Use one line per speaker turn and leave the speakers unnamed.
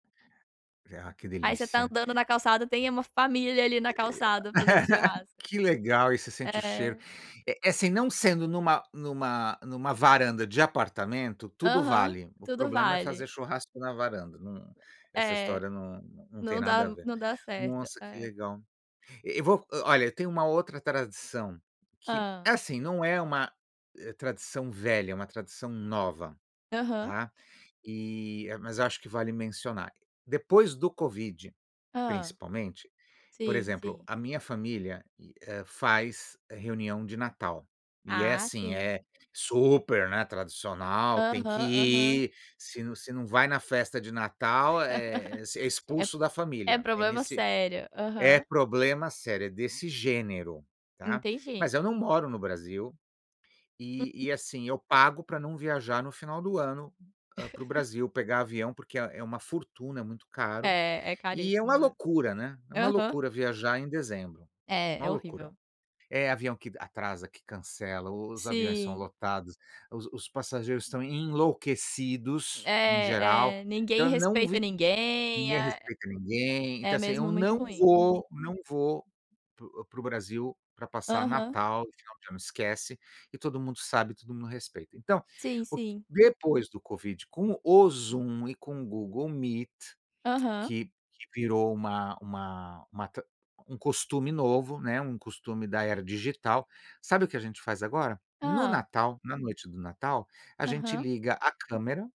Ah, que
Aí você está
delícia.
andando na calçada tem uma família ali na calçada fazendo churrasco.
Que legal e você sente o cheiro.
É.
É assim, não sendo em uma em uma em uma varanda de apartamento tudo
Aham,
vale, o
tudo
problema é
vale.
fazer churrasco na varanda, não, essa
É,
história não não tem
não dá
nada a ver.
não dá certo,
Nossa, que
é.
legal. E vo olha, eu tenho uma outra tradição, que
Hã.
é assim não é uma tradição velha, é uma tradição nova,
Aham.
tá? E mas acho que vale mencionar. Depois do covid,
Hã,
principalmente, por
sim,
exemplo,
sim.
a minha família, eh, faz reunião de Natal, e é
Ah,
assim,
sim.
é super, né, tradicional, tem
Aham,
que
aham.
ir, se não se não vai na festa de Natal, é
É
expulso da
é
família. É
problema
nesse
sério.
é
Aham.
problema sério, é desse gênero, está?
Entendi.
Mas eu não moro no Brasil e e assim eu pago para não viajar no final do ano para o Brasil pegar avião, porque é uma fortuna, é muito caro.
É, é
E é uma
caríssima,
loucura, né. É
é.
uma
Aham.
loucura viajar em dezembro,
É,
uma
é
loucura.
horrível.
É avião que atrasa, que cancela, o os aviões são
Sim.
lotados, os os passageiros estão enlouquecidos em geral,
É. É ninguém
então eu não vi
respeita ninguém,
ninguém respeita ninguém, então
é
assim,
mesmo muito
não
ruim.
vou, não vou para o para o Brasil para passar
Aham.
Natal, final de ano esquece, e todo mundo sabe, todo mundo respeita. Então,
Sim,
o que
sim.
depois do Covid com o Zoom e com o Google Meet,
Aham.
que virou uma uma uma tr um costume novo, um costume da era digital. Sabe o que a gente faz agora? No
Hã.
Natal, na noite do Natal, a gente
Aham.
liga a câmera